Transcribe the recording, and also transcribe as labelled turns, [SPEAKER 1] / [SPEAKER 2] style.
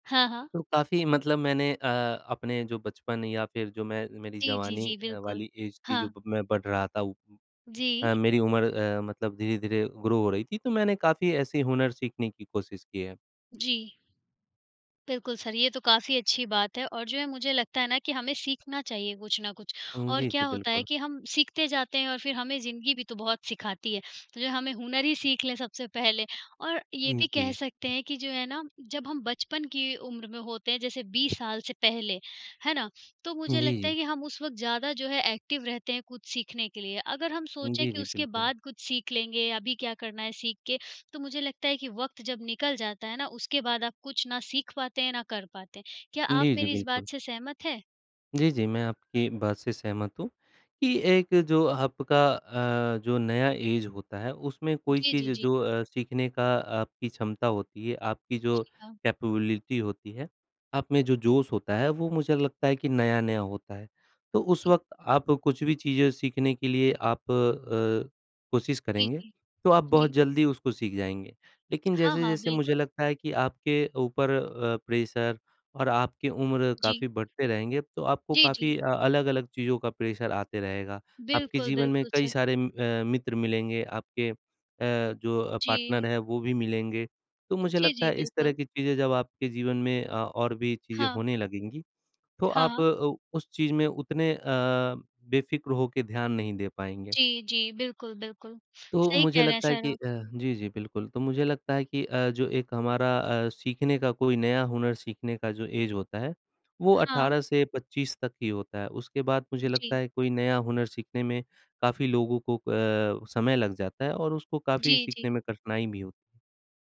[SPEAKER 1] हाँ, हाँ।
[SPEAKER 2] तो काफ़ी मतलब मैंने अ, अपने जो बचपन या फिर जो मैं मेरी
[SPEAKER 1] जी, जी,
[SPEAKER 2] जवानी
[SPEAKER 1] जी,
[SPEAKER 2] अ,
[SPEAKER 1] बिल्कुल,
[SPEAKER 2] वाली एज़ थी,
[SPEAKER 1] हाँ।
[SPEAKER 2] जब मैं बढ़ रहा था उ
[SPEAKER 1] जी।
[SPEAKER 2] अ, मेरी उम्र अ, मतलब धीरे-धीरे ग्रो हो रही थी, तो मैंने काफ़ी ऐसे हुनर सीखने की कोशिश की है।
[SPEAKER 1] जी। बिल्कुल सर ये तो काफ़ी अच्छी बात है और जो है मुझे लगता है ना कि हमें सीखना चाहिए कुछ ना कुछ।
[SPEAKER 2] उम,
[SPEAKER 1] और
[SPEAKER 2] जी,
[SPEAKER 1] क्या
[SPEAKER 2] जी,
[SPEAKER 1] होता है
[SPEAKER 2] बिल्कुल।
[SPEAKER 1] कि हम सीखते जाते हैं और फिर हमें ज़िंदगी भी तो बहुत सिखाती है, तो जो हमें हुनर ही सीख लें सबसे पहले। और ये
[SPEAKER 2] उम,
[SPEAKER 1] भी कह
[SPEAKER 2] जी।
[SPEAKER 1] सकते हैं कि जो है ना, जब हम बचपन की उम्र में होते हैं, जैसे 20 साल से पहले, है ना? तो
[SPEAKER 2] जी,
[SPEAKER 1] मुझे लगता
[SPEAKER 2] जी।
[SPEAKER 1] है कि हम उस वक़्त ज़्यादा जो है एक्टिव रहते हैं कुछ सीखने के लिए। अगर हम सोचें
[SPEAKER 2] जी,
[SPEAKER 1] कि
[SPEAKER 2] जी,
[SPEAKER 1] उसके
[SPEAKER 2] बिल्कुल।
[SPEAKER 1] बाद कुछ सीख लेंगे, अभी क्या करना है सीख के, तो मुझे लगता है कि वक़्त जब निकल जाता है ना, उसके बाद आप कुछ ना सीख पाते हैं, ना कर पाते हैं। क्या आप
[SPEAKER 2] जी, जी,
[SPEAKER 1] मेरी इस
[SPEAKER 2] बिल्कुल।
[SPEAKER 1] बात से सहमत हैं?
[SPEAKER 2] जी, जी, मैं आपकी बात से सहमत हूँ, कि एक जो आपका अ, जो नया एज़ होता है, उसमें कोई
[SPEAKER 1] जी,
[SPEAKER 2] चीज़
[SPEAKER 1] जी, जी।
[SPEAKER 2] जो अ, सीखने का आपकी क्षमता होती है, आपकी जो
[SPEAKER 1] जी हाँ।
[SPEAKER 2] कैपेबिलिटी होती है, आप में जो
[SPEAKER 1] जी।
[SPEAKER 2] जोश होता है, वो मुझे लगता है कि नया-नया होता है। तो उस
[SPEAKER 1] जी।
[SPEAKER 2] वक़्त आप कुछ भी चीज़ें सीखने के लिए आप अ, कोशिश
[SPEAKER 1] जी,
[SPEAKER 2] करेंगे,
[SPEAKER 1] जी।
[SPEAKER 2] तो आप बहुत
[SPEAKER 1] जी।
[SPEAKER 2] जल्दी उसको सीख जाएँगे। लेकिन
[SPEAKER 1] हाँ, हाँ,
[SPEAKER 2] जैसे-जैसे मुझे
[SPEAKER 1] बिल्कुल।
[SPEAKER 2] लगता है कि आपके ऊपर अ, प्रेशर और आपकी उम्र
[SPEAKER 1] जी।
[SPEAKER 2] काफ़ी बढ़ते रहेंगे, तो आपको
[SPEAKER 1] जी,
[SPEAKER 2] काफ़ी
[SPEAKER 1] जी।
[SPEAKER 2] अ, अलग-अलग चीज़ों का प्रेशर आता रहेगा। आपके
[SPEAKER 1] बिल्कुल,
[SPEAKER 2] जीवन में
[SPEAKER 1] बिल्कुल,
[SPEAKER 2] कई
[SPEAKER 1] सर।
[SPEAKER 2] सारे म अ, मित्र मिलेंगे, आपके अ, जो
[SPEAKER 1] जी।
[SPEAKER 2] पार्टनर हैं, वो भी मिलेंगे। तो मुझे
[SPEAKER 1] जी,
[SPEAKER 2] लगता
[SPEAKER 1] जी,
[SPEAKER 2] है इस तरह
[SPEAKER 1] बिल्कुल।
[SPEAKER 2] की चीज़ें जब आपके जीवन में अ, और भी चीज़ें
[SPEAKER 1] हाँ।
[SPEAKER 2] होने लगेंगी, तो
[SPEAKER 1] हाँ,
[SPEAKER 2] आप
[SPEAKER 1] हाँ।
[SPEAKER 2] अ, उस चीज़ में उतने अ, बेफ़िक्र होके ध्यान नहीं दे पाएँगे।
[SPEAKER 1] जी, जी, बिल्कुल, बिल्कुल,
[SPEAKER 2] तो
[SPEAKER 1] सही
[SPEAKER 2] मुझे
[SPEAKER 1] कह रहे हैं
[SPEAKER 2] लगता है
[SPEAKER 1] सर
[SPEAKER 2] कि अ,
[SPEAKER 1] आप।
[SPEAKER 2] जी, जी बिल्कुल। तो मुझे लगता है कि अ, जो एक हमारा अ, सीखने का कोई नया हुनर सीखने का जो एज़ होता है, वो
[SPEAKER 1] हाँ।
[SPEAKER 2] 18 से 25 तक ही होता है। उसके बाद मुझे लगता
[SPEAKER 1] जी।
[SPEAKER 2] है कोई नया हुनर सीखने में काफ़ी लोगों को अ, समय लग जाता है और उसको काफ़ी
[SPEAKER 1] जी,
[SPEAKER 2] सीखने
[SPEAKER 1] जी।
[SPEAKER 2] में कठिनाई भी हो।